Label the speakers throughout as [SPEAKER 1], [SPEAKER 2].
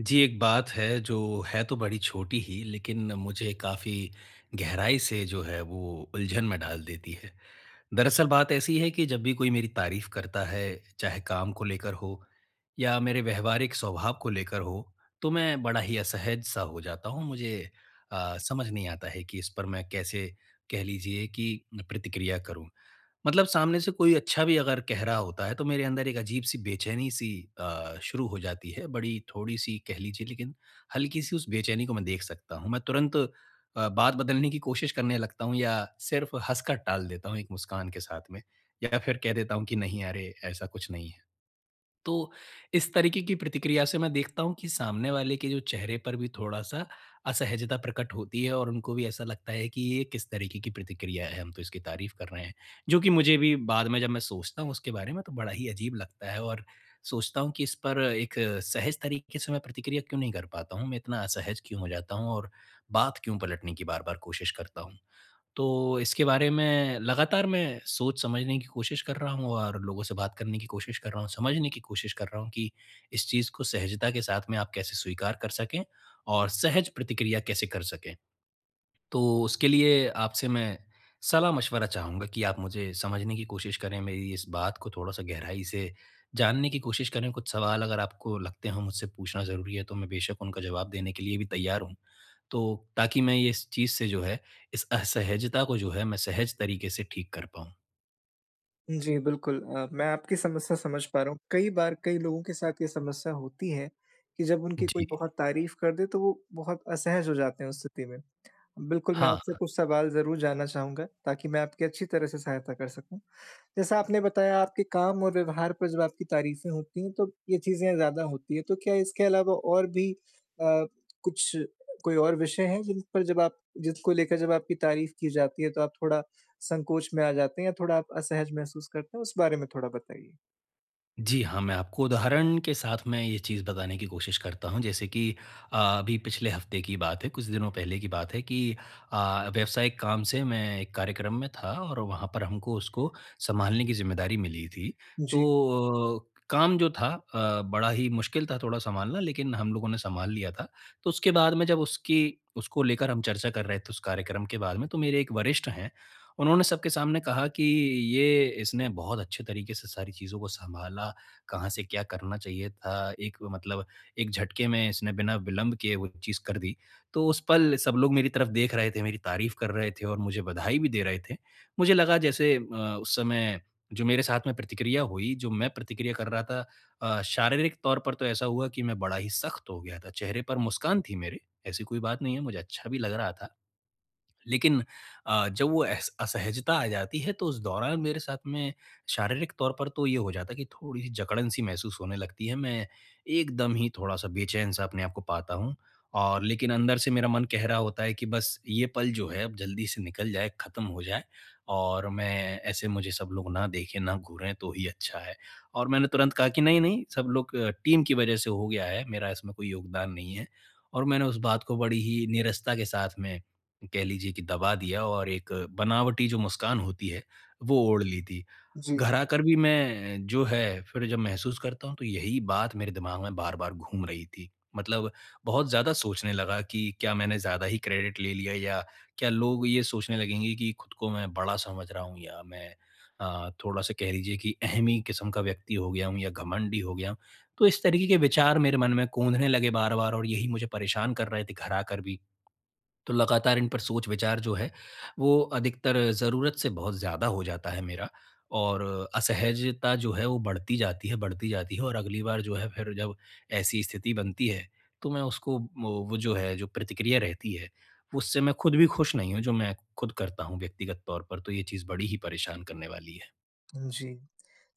[SPEAKER 1] जी, एक बात है जो है तो बड़ी छोटी ही, लेकिन मुझे काफ़ी गहराई से जो है वो उलझन में डाल देती है। दरअसल बात ऐसी है कि जब भी कोई मेरी तारीफ़ करता है, चाहे काम को लेकर हो या मेरे व्यावहारिक स्वभाव को लेकर हो, तो मैं बड़ा ही असहज-सा हो जाता हूँ मुझे अ, समझ नहीं आता है कि इस पर मैं कैसे कह लीजिए कि प्रतिक्रिया करूँ। मतलब सामने से कोई अच्छा भी अगर कह रहा होता है तो मेरे अंदर एक अजीब-सी बेचैनी-सी अ, शुरू हो जाती है, बड़ी थोड़ी-सी कह लीजिए लेकिन हल्की-सी उस बेचैनी को मैं देख सकता हूँ। मैं तुरंत अ, बात बदलने की कोशिश करने लगता हूँ या सिर्फ़ हँसकर टाल देता हूँ एक मुस्कान के साथ में, या फिर कह देता हूँ कि नहीं अरे, ऐसा कुछ नहीं है। तो इस तरीके की प्रतिक्रिया से मैं देखता हूँ कि सामने वाले के जो चेहरे पर भी थोड़ा-सा असहजता प्रकट होती है और उनको भी ऐसा लगता है कि ये किस तरीके की प्रतिक्रिया है हम तो इसकी तारीफ़ कर रहे हैं, जो कि मुझे भी बाद में जब मैं सोचता हूँ उसके बारे में तो बड़ा ही अजीब लगता है और सोचता हूँ कि इस पर एक सहज तरीके से मैं प्रतिक्रिया क्यों नहीं कर पाता हूँ? मैं इतना असहज क्यों हो जाता हूँ और बात क्यों पलटने की बार-बार कोशिश करता हूँ? तो इसके बारे में लगातार मैं सोच-समझने की कोशिश कर रहा हूँ और लोगों से बात करने की कोशिश कर रहा हूँ, समझने की कोशिश कर रहा हूँ कि इस चीज़ को सहजता के साथ में आप कैसे स्वीकार कर सकें और सहज प्रतिक्रिया कैसे कर सकें? तो उसके लिए आपसे मैं सलाह-मशवरा चाहूँगा कि आप मुझे समझने की कोशिश करें, मेरी इस बात को थोड़ा-सा गहराई से जानने की कोशिश करें, कुछ सवाल अगर आपको लगते हों मुझसे पूछना ज़रूरी हैं तो मैं बेशक उनका जवाब देने के लिए भी तैयार हूँ। तो ताकि मैं ये इस चीज़ से जो है, इस असहजता को जो है मैं सहज तरीके से ठीक कर पाऊँ।
[SPEAKER 2] जी बिल्कुल अ, मैं आपकी समस्या समझ पा रहा हूँ। कई बार कई लोगों के साथ ये समस्या होती है कि जब उनकी कोई
[SPEAKER 1] जी।
[SPEAKER 2] बहुत तारीफ़ कर दे तो वो बहुत असहज हो जाते हैं उस स्थिति में। बिल्कुल, मैं
[SPEAKER 1] हाँ,
[SPEAKER 2] आपसे
[SPEAKER 1] हाँ।
[SPEAKER 2] कुछ सवाल ज़रूर जानना चाहूँगा ताकि मैं आपकी अच्छी तरह से सहायता कर सकूँ। जैसा आपने बताया आपके काम और व्यवहार पर जब आपकी तारीफें होती हैं, तो ये चीज़ें ज़्यादा होती हैं। तो क्या इसके अलावा और भी अ, कुछ कोई और विषय हैं जिन पर जब आप जिसको लेकर जब आपकी तारीफ़ की जाती है तो आप थोड़ा संकोच में आ जाते हैं या थोड़ा आप असहज महसूस करते हैं उस बारे में थोड़ा बताइए?
[SPEAKER 1] जी हाँ, मैं आपको उदाहरण के साथ मैं ये चीज़ बताने की कोशिश करता हूँ। जैसे कि अ, अभी पिछले हफ़्ते की ही बात है, कुछ दिनों पहले की बात है कि अ, व्यावसायिक काम से मैं एक कार्यक्रम में था और वहाँ पर हमको उसको सँभालने की ज़िम्मेदारी मिली थी।
[SPEAKER 2] जी।
[SPEAKER 1] तो अ, काम जो था अ, बड़ा ही मुश्किल था थोड़ा सँभालना, लेकिन हम लोगों ने सँभाल लिया था। तो उसके बाद में जब उसकी उसको लेकर हम चर्चा कर रहे थे उस कार्यक्रम के बारे में तो मेरे एक वरिष्ठ हैं, उन्होंने सबके सामने कहा कि ये इसने बहुत अच्छे तरीके से सारी चीज़ों को सँभाला, कहाँ से क्या करना चाहिए था, एक मतलब एक झटके में इसने बिना विलंब के वो चीज़ कर दी। तो उस पल सब लोग मेरी तरफ़ देख रहे थे, मेरी तारीफ़ कर रहे थे और मुझे बधाई भी दे रहे थे। मुझे लगा जैसे अ, उस समय जो मेरे साथ में प्रतिक्रिया हुई, जो मैं प्रतिक्रिया कर रहा था अ, शारीरिक तौर पर तो ऐसा हुआ कि मैं बड़ा ही सख़्त हो गया था, चेहरे पर मुस्कान थी मेरे, ऐसी कोई बात नहीं है, मुझे अच्छा भी लग रहा था। लेकिन अ, जब वो अस असहजता आ जाती है तो उस दौरान मेरे साथ में शारीरिक तौर पर तो ये हो जाता है कि थोड़ी-सी जकड़न सी महसूस होने लगती है, मैं एकदम ही थोड़ा-सा बेचैन-सा अपने को पाता हूँ और लेकिन अंदर से मेरा मन कह रहा होता है कि बस ये पल जो है, अब जल्दी से निकल जाए, खत्म हो जाए और मैं ऐसे मुझे सब लोग ना देखें, ना घूरें तो ही अच्छा है और मैंने तुरंत कहा कि नहीं-नहीं सब लोग अ, टीम की वज़ह से हो गया है। मेरा इसमें कोई योगदान नहीं है और मैंने उस बात को बड़ी ही निरसता के साथ में कह लीजिए कि दबा दिया और एक बनावटी जो मुस्कान होती है, वो ओढ़ ली थी।
[SPEAKER 2] जी।
[SPEAKER 1] घर आकर भी मैं जो है फिर जब महसूस करता हूँ, तो यही बात मेरे दिमाग में बार-बार घूम रही थी। मतलब बहुत ज़्यादा सोचने लगा कि क्या मैंने ज़्यादा ही क्रेडिट ले लिया या क्या लोग ये सोचने लगेंगे कि खुद को मैं बड़ा समझ रहा हूँ या मैं अ, थोड़ा-सा कह लीजिए कि अहमी किस्म का व्यक्ति हो गया हूँ या घमंडी हो गया। तो इस तरीके के विचार मेरे मन में कौंधने ने लगे बार-बार और यही मुझे परेशान कर रहे थे घर आकर भी। तो लगातार इन पर सोच-विचार जो है, वो अधिकतर ज़रूरत से बहुत ज़्यादा हो जाता है मेरा और असहजता जो है वो बढ़ती जाती है, बढ़ती जाती है और अगली बार जो है फिर जब ऐसी स्थिति बनती है, तो मैं उसको वो वो जो है जो प्रतिक्रिया रहती है, उससे मैं खुद भी खुश नहीं हूँ, जो मैं खुद करता हूँ व्यक्तिगत तौर पर, तो ये चीज़ बड़ी ही परेशान करने वाली है।
[SPEAKER 2] जी,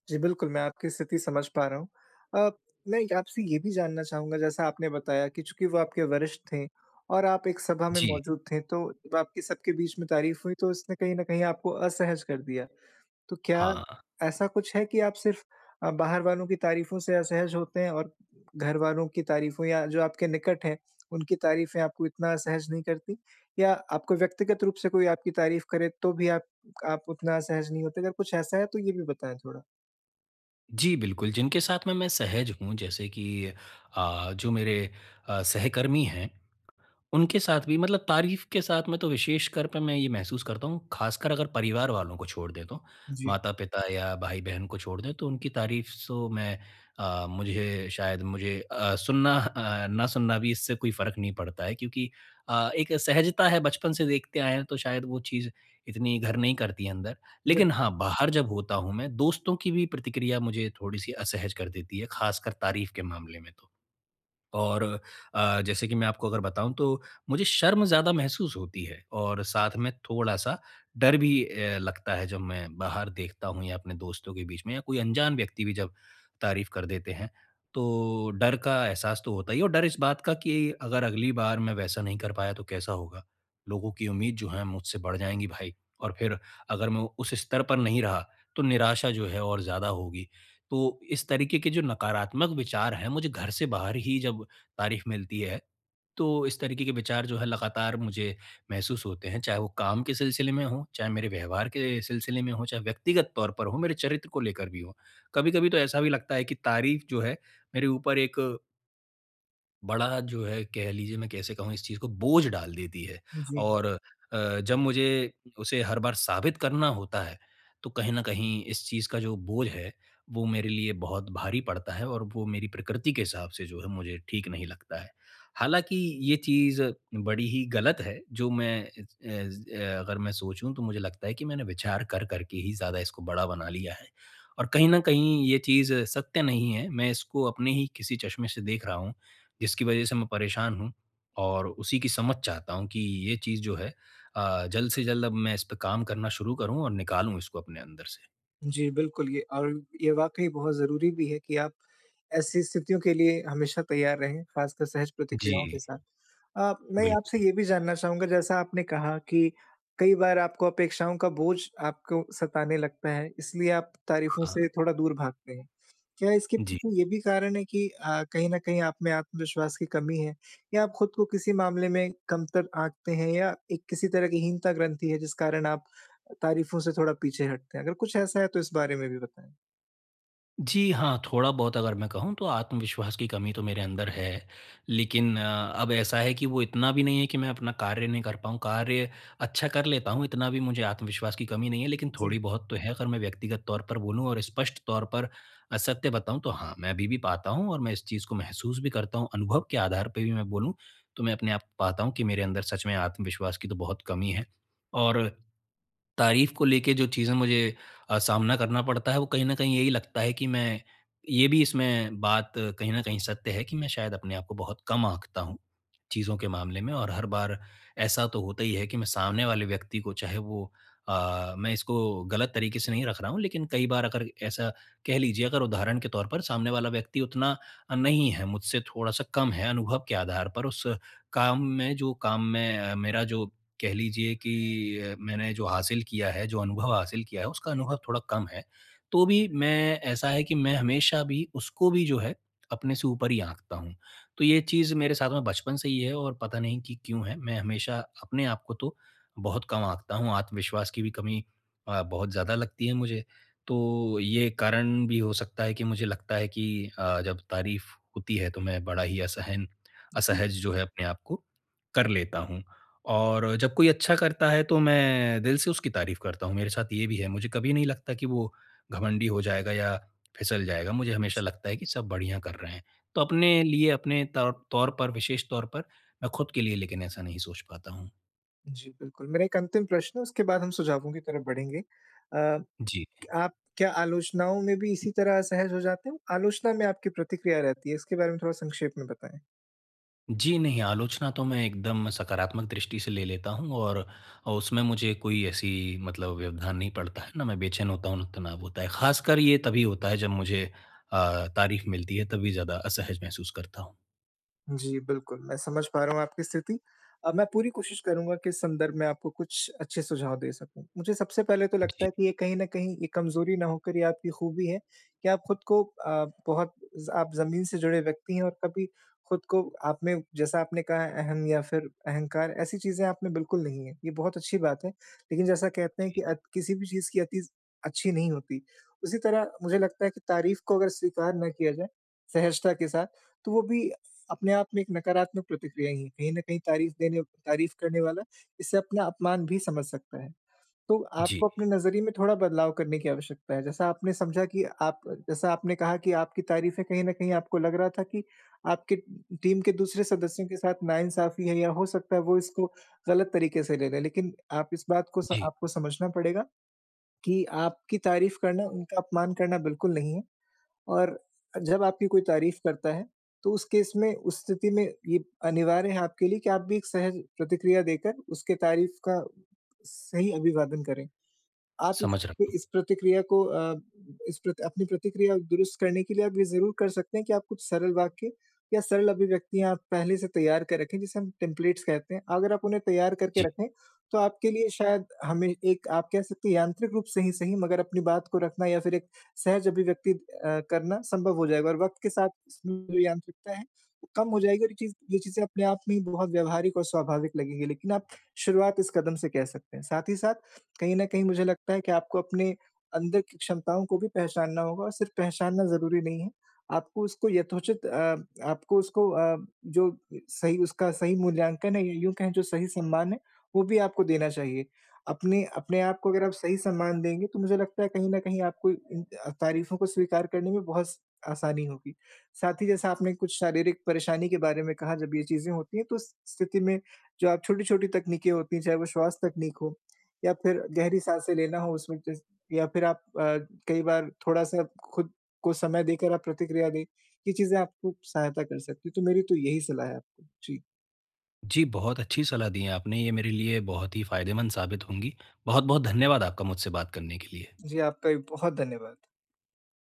[SPEAKER 2] जी, बिल्कुल, मैं आपकी स्थिति समझ पा रहा हूँ। अ, मैं आपसे ये भी जानना चाहूँगा, जैसा आपने बताया कि चूँकि वो आपके वरिष्ठ थे और आप एक सभा में
[SPEAKER 1] जी।
[SPEAKER 2] मौजूद थे तो आपकी सब के बीच में तारीफ़ हुई तो उसने कहीं न कहीं आपको असहज कर दिया। तो क्या
[SPEAKER 1] हाँ।
[SPEAKER 2] ऐसा कुछ है कि आप सिर्फ़ अ, बाहर वालों की तारीफ़ों से असहज होते हैं और घर वालों की तारीफ़ों या जो आपके निकट हैं उनकी तारीफ़ें आपको इतना असहज नहीं करती? या आपको व्यक्तिगत रूप से कोई आपकी तारीफ़ करे तो भी आप आप उतना असहज नहीं होते, अगर कुछ ऐसा है तो ये भी बताएँ थोड़ा?
[SPEAKER 1] जी, बिल्कुल, जिनके साथ में मैं सहज हूँ जैसे कि अ, जो मेरे अ, सहकर्मी हैं। उनके साथ भी मतलब तारीफ़ के साथ में तो विशेषकर पे मैं ये महसूस करता हूँ, खासकर अगर परिवार वालों को छोड़ दे तो।
[SPEAKER 2] जी।
[SPEAKER 1] माता-पिता या भाई-बहन को छोड़ दें तो उनकी तारीफ़ तो मैं अ, मुझे शायद मुझे अ, सुनना अ, ना सुनना भी इससे कोई फ़र्क नहीं पड़ता है क्योंकि अ, एक सहजता है बचपन से देखते आए हैं तो शायद वो चीज़, इतनी घर नहीं करती है अंदर लेकिन
[SPEAKER 2] [unintelligible]
[SPEAKER 1] हाँ, बाहर जब होता हूँ मैं, दोस्तों की भी प्रतिक्रिया मुझे थोड़ी-सी असहज कर देती है ख़ासकर तारीफ के मामले में तो। और अ, जैसे कि मैं आपको अगर बताऊँ तो, मुझे शर्म ज़्यादा महसूस होती है और साथ में थोड़ा-सा डर भी अ, लगता है जब मैं बाहर देखता हूँ या अपने दोस्तों के बीच में या कोई अनजान व्यक्ति भी जब तारीफ़ कर देते हैं, तो डर का एहसास तो होता ही है और डर इस बात का कि अगर अगली बार मैं वैसा नहीं कर पाया तो कैसा होगा? लोगों की उम्मीद जो है मुझसे बढ़ जाएँगी भाई, और फिर अगर मैं उस स्तर पर नहीं रहा, तो निराशा जो है और ज़्यादा होगी। तो इस तरीके के जो नकारात्मक विचार है मुझे घर से बाहर ही जब तारीफ़ मिलती है, तो इस तरीके के विचार जो है लगातार मुझे महसूस होते हैं, चाहे वो काम के सिलसिले में हों, चाहे मेरे व्यवहार के सिलसिले में हों, चाहे व्यक्तिगत तौर पर हों, मेरे चरित्र को लेकर भी हों। कभी-कभी तो ऐसा भी लगता है कि तारीफ़ जो है मेरे ऊपर एक बड़ा जो हैं कह लीजिए मैं कैसे कहूँ इस चीज़ को बोझ डाल देती हैं
[SPEAKER 2] जी।
[SPEAKER 1] और अ, जब मुझे उ उसे हर बार साबित करना होता है, तो कहीं न कहीं इस चीज़ का जो बोझ है, वो मेरे लिए बहुत भारी पड़ता है और वो मेरी प्रकृति के हिसाब से जो है मुझे ठीक नहीं लगता है। हालाँकि ये चीज़ बड़ी ही ग़लत है जो मैं अ अ, अगर मैं सोचूँ तो मुझे लगता है कि मैंने विचार कर-कर के ही ज़्यादा इसको बड़ा बना लिया है और कहीं न कहीं ये चीज़ सत्य नहीं है। मैं इसको अपने ही किसी चश्मे से देख रहा हूँ, जिसकी वजह से मैं परेशान हूँ और उसी की समझ चाहता हूँ की ये चीज़ जो है अ, जल्द से जल्द अब मैं इस पे काम करना शुरू करूँ और निकालूँ इसको अपने अंदर से।
[SPEAKER 2] जी, बिल्कुल ये अ, ये वाक़ई बहुत ज़रूरी भी है कि आप ऐसी स्थितियों के लिए हमेशा तैयार रहें, ख़ासकर सहज प्रतिक्रियाओं के
[SPEAKER 1] जी।
[SPEAKER 2] साथ। अ, मैं आपसे
[SPEAKER 1] बिल्कुल।
[SPEAKER 2] ये भी जानना चाहूँगा जैसा आपने कहा कि कई बार आपको अपेक्षाओं का बोझ आपको सताने लगता है इसलिए आप तारीफ़ों से
[SPEAKER 1] हाँ।
[SPEAKER 2] थोड़ा दूर भागते हैं। क्या इसके
[SPEAKER 1] जी।
[SPEAKER 2] पीछे ये भी कारण है कि अ, कहीं न कहीं आप में आत्मविश्वास की कमी है या आप ख़ुद को किसी मामले में कमतर आंकते हैं? या एक किसी तरह की हीनता-ग्रंथि है जिस कारण आप तारीफ़ों से थोड़ा पीछे हटते हैं? अगर कुछ ऐसा है तो इस बारे में भी बताएँ?
[SPEAKER 1] जी हाँ, थोड़ा-बहुत अगर मैं कहूँ तो आत्मविश्वास की कमी तो मेरे अंदर है, लेकिन अ, अब ऐसा है कि वो इतना भी नहीं है कि मैं अपना कार्य नहीं कर पाऊँ, कार्य अच्छा कर लेता हूँ इतना भी मुझे आत्मविश्वास की कमी नहीं है लेकिन
[SPEAKER 2] जी।
[SPEAKER 1] थोड़ी-बहुत तो है अगर मैं व्यक्तिगत तौर पर बोलूँ और स्पष्ट तौर पर असत्य बताऊँ तो हाँ, मैं अभी भी पाता हूँ और मैं इस चीज़ को महसूस भी करता हूँ, अनुभव के आधार पर भी मैं बोलूँ तो मैं अपने आप पाता हूँ कि मेरे अंदर सच में आत्मविश्वास की तो बहुत कमी है और तारीफ़ को लेके जो चीज़ें मुझे अ, सामना करना पड़ता है वो कहीं न कहीं यही लगता है कि मैं, ये भी इसमें बात कहीं न कहीं सत्य है कि मैं शायद अपने आप को बहुत कम आँकता हूँ, चीज़ों के मामले में और हर बार ऐसा तो होता ही है कि मैं सामने वाले व्यक्ति को चाहे वो अ, मैं इसको ग़लत तरीके से नहीं रख रहा हूँ लेकिन कई बार अगर ऐसा कह लीजिए अगर उदाहरण के तौर पर सामने वाला व्यक्ति उतना अ, नहीं है, मुझसे थोड़ा सा कम है अनुभव के आधार पर उस काम में जो काम में मेरा जो कह लीजिए कि मैंने जो हासिल किया है, जो अनुभव हासिल किया है उसका अनुभव थोड़ा कम है। तो भी मैं ऐसा है कि मैं हमेशा भी उसको भी जो है अपने से ऊपर ही आँकता हूँ। तो ये चीज़ मेरे साथ में बचपन से ही है और पता नहीं कि क्यों है, मैं हमेशा अपने आप को तो बहुत कम आँकता हूँ, आत्मविश्वास की भी कमी अ, बहुत ज़्यादा लगती है मुझे। तो ये कारण भी हो सकता है कि मुझे लगता है कि अ, जब तारीफ़ होती है तो मैं बड़ा ही असहन
[SPEAKER 2] जी।
[SPEAKER 1] असहज जो है अपने आपको कर लेता हूँ। और जब कोई अच्छा करता है तो मैं दिल से उसकी तारीफ़ करता हूँ, मेरे साथ ये भी है मुझे कभी नहीं लगता कि वो घमंडी हो जाएगा या फिसल जाएगा, मुझे हमेशा
[SPEAKER 2] जी।
[SPEAKER 1] लगता है कि सब बढ़िया कर रहे हैं। तो अपने लिए अपने त तौर पर विशेष तौर पर, मैं ख़ुद के लिए लेकिन ऐसा नहीं सोच पाता हूँ।
[SPEAKER 2] जी बिल्कुल मेरा एक अंतिम प्रश्न है उसके बाद हम सुझावों की तरफ बढ़ेंगे। अ, क
[SPEAKER 1] जी।
[SPEAKER 2] आप क्या आलोचनाओं में भी इसी तरह असहज हो जाते हो? आलोचना में आपकी प्रतिक्रिया रहती है इसके बारे में थोड़ा संक्षेप में बताएँ?
[SPEAKER 1] जी नहीं, आलोचना तो मैं एकदम सकारात्मक दृष्टि से ले लेता हूँ और उसमें मुझे कोई ऐसी मतलब व्यवधान नहीं पड़ता है ना मैं बेचैन होता हूँ तनाव होता है। ख़ासकर ये तभी होता है जब मुझे अ, तारीफ मिलती है, तभी ज़्यादा असहज महसूस करता हूँ।
[SPEAKER 2] जी, बिल्कुल मैं समझ पा रहा हूँ आपकी स्थिति अब मैं पूरी कोशिश करूँगा कि इस संदर्भ में आपको कुछ अच्छे सुझाव दे सकूँ। मुझे सबसे पहले तो लगता
[SPEAKER 1] जी।
[SPEAKER 2] है कि ये कहीं न कहीं ये कमजोरी ना होकर ये आपकी खूबी है कि आप खुद को अ, बहुत ज आप ज़मीन से जुड़े व्यक्ति हैं और कभी खुद को आपने जैसा आपने कहा है अहम या फिर अहंकार, ऐसी चीज़ें आपने बिल्कुल नहीं है ये बहुत अच्छी बात है। लेकिन जैसा कहते हैं कि
[SPEAKER 1] जी।
[SPEAKER 2] अत किसी भी चीज़ की अति अच्छी नहीं होती। उसी तरह मुझे लगता है कि तारीफ को अगर स्वीकार ना किया जाए सहजता के साथ तो वो भी अपने आप में एक नकारात्मक प्रतिक्रिया ही है। कहीं न कहीं तारीफ देने तारीफ करने वाला, इसे अपना अपमान भी समझ सकता है। तो
[SPEAKER 1] जी।
[SPEAKER 2] आपको अपने नज़रिए में थोड़ा बदलाव करने की आवश्यकता है, जैसा आपने समझा कि आप जैसा आपने कहा कि आपकी तारीफें कहीं न कहीं आपको लग रहा था कि आपके टीम के दूसरे सदस्यों के साथ नाइंसाफी है या हो सकता है वो इसको गलत तरीके से ले रहे हैं, लेकिन आप इस बात को स
[SPEAKER 1] जी।
[SPEAKER 2] आपको समझना पड़ेगा कि आपकी तारीफ करना उनका अपमान करना बिल्कुल नहीं है और जब आपकी कोई तारीफ करता है तो उस केस में उस स्थिति में ये अनिवार्य है आपके लिए कि आप भी एक सहज प्रतिक्रिया देकर उसके तारीफ का सही अभिवादन करें। आप इस
[SPEAKER 1] समझ रहा।
[SPEAKER 2] इस प्रतिक्रिया को अ, इस अपनी प्रतिक्रिया दुरुस्त करने के लिए आप ये ज़रूर कर सकते हैं कि आप कुछ सरल वाक्य या सरल अभिव्यक्तियाँ पहले से तैयार कर रखें जिसे हम टेम्पलेट्स कहते हैं। अगर आप उन्हें तैयार करके
[SPEAKER 1] जी।
[SPEAKER 2] रखें, तो आपके लिए शायद हमें एक आप कह सकते हैं यांत्रिक रूप से ही सही मगर अपनी बात को रखना या फिर एक सहज अभिव्यक्ति अ, करना संभव हो जाएगा और वक़्त के साथ इसमें जो यांत्रिकता है, वो कम हो जाएगी चीज़ ये चीज़ें अपने आप में ही बहुत व्यवहारिक और स्वाभाविक लगेंगी लेकिन आप शुरुआत इस कदम से कह सकते हैं। साथ ही साथ कहीं न कहीं मुझे लगता है कि आपको अपने अंदर की क्षमताओं को भी पहचानना होगा और सिर्फ पहचानना ज़रूरी नहीं है। आपको उसको यथोचित अ, आपको उसको अ, जो सही उसका सही मूल्यांकन है या यूँ कहें जो सही सम्मान है, वो भी आपको देना चाहिए। अपने अपने आप को अगर आप सही सम्मान देंगे, तो मुझे लगता है कहीं न कहीं आपको उम, अ, तारीफों को स्वीकार करने में बहुत स आसानी होगी। साथ ही जैसा आपने कुछ शारीरिक परेशानी के बारे में कहा जब ये चीज़ें होती हैं तो उस स्थिति में जो आप छोटी-छोटी तकनीकें होती हैं, चाहे वो श्वास तकनीक हो या फिर गहरी साँसें लेना हो उसमें या फिर आप अ, कई बार थोड़ा सा खुद को समय देकर आप प्रतिक्रिया दें। ये चीज़ें आपको सहायता कर सकती है, तो मेरी तो यही सलाह है आपको। जी।
[SPEAKER 1] जी, बहुत अच्छी सलाह दी है आपने ये मेरे लिए बहुत ही फायदेमंद साबित होंगी। बहुत-बहुत धन्यवाद आपका मुझसे बात करने के लिए।
[SPEAKER 2] जी, आपका भी बहुत धन्यवाद।